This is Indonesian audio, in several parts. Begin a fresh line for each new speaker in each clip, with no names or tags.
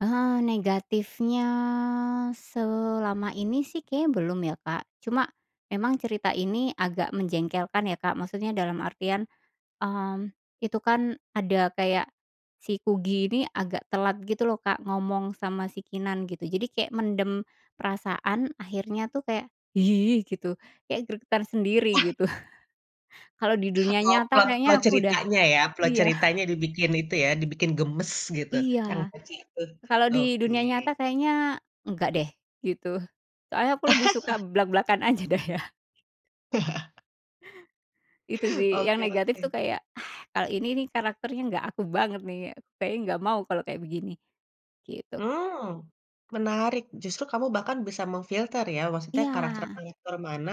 Eh, negatifnya selama ini sih kayaknya belum ya, Kak. Cuma, memang cerita ini agak menjengkelkan ya, Kak, maksudnya dalam artian, hmm, itu kan ada kayak si Kugy ini agak telat gitu loh, Kak, ngomong sama si Keenan gitu. Jadi kayak mendem perasaan, akhirnya tuh kayak, gitu. Kayak geregetan sendiri gitu. Kalau di dunia
Oh,
nyata
plot plot
kayaknya aku udah
ceritanya ya, plot
iya.
ceritanya dibikin itu ya, dibikin gemes gitu
Iya,
[unintelligible]
kalau di
oke.
dunia nyata kayaknya enggak deh, gitu. Soalnya aku lebih suka blak-blakan aja deh ya. Itu sih yang
Oke
negatif
oke.
tuh kayak, ah, kalau ini nih karakternya nggak aku banget nih. Kayaknya gak mau kalau kayak begini, gitu, Kak.
Mmm, menarik, justru kamu bahkan bisa mem-filter ya, maksudnya
Iya.
karakter-karakter mana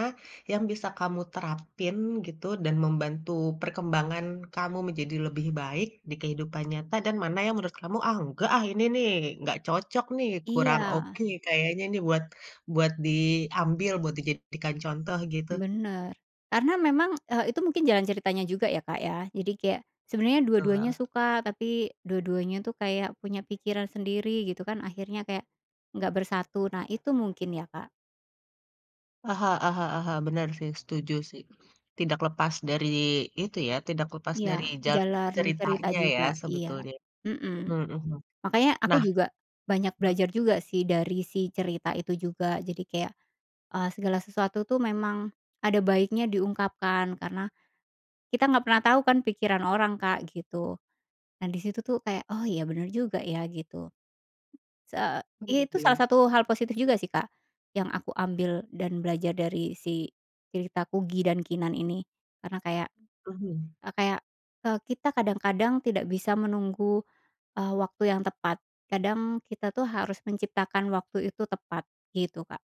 yang bisa kamu terapin gitu, dan membantu perkembangan kamu menjadi lebih baik, di kehidupan nyata dan mana yang menurut kamu, ah nggak ah ini nih, nggak cocok nih, kurang
Iya.
oke, kayaknya nih buat buat diambil, buat dijadikan contoh gitu.
Benar. Karena memang, eee, itu mungkin jalan ceritanya juga ya, Kak, ya. Jadi kayak sebenernya dua-duanya
Betul.
suka, tapi dua-duanya tuh kayak punya pikiran sendiri gitu kan, akhirnya kayak nggak bersatu. Nah, itu mungkin ya, Kak.
Heeh heeh heeh, benar sih, setuju sih. Tidak lepas dari itu ya, tidak lepas dari
Iya,
jalan
jalan cerita
ceritanya ya
juga. Iya,
sebetulnya,
mhm.
mhm mhm.
Makanya aku
Nah
juga banyak
loh
belajar juga sih dari si cerita itu juga, jadi kayak, eee, segala sesuatu tuh memang ada baiknya diungkapkan, karena, kita nggak pernah tau kan pikiran orang, Kak, gitu. Nah, disitu tuh kayak, "oh iya, benar juga ya" gitu. Sa
Oh,
iya,
gitu
salah
ya.
satu hal positif juga sih, Kak, yang aku ambil dan belajar dari si cerita Kugy dan Keenan ini, karena kayak
Mhm.
eee, kayak, eee, kita kadang-kadang tidak bisa menunggu, eee, waktu yang tepat. Kadang kita tuh harus menciptakan waktu itu tepat, gitu, Kak.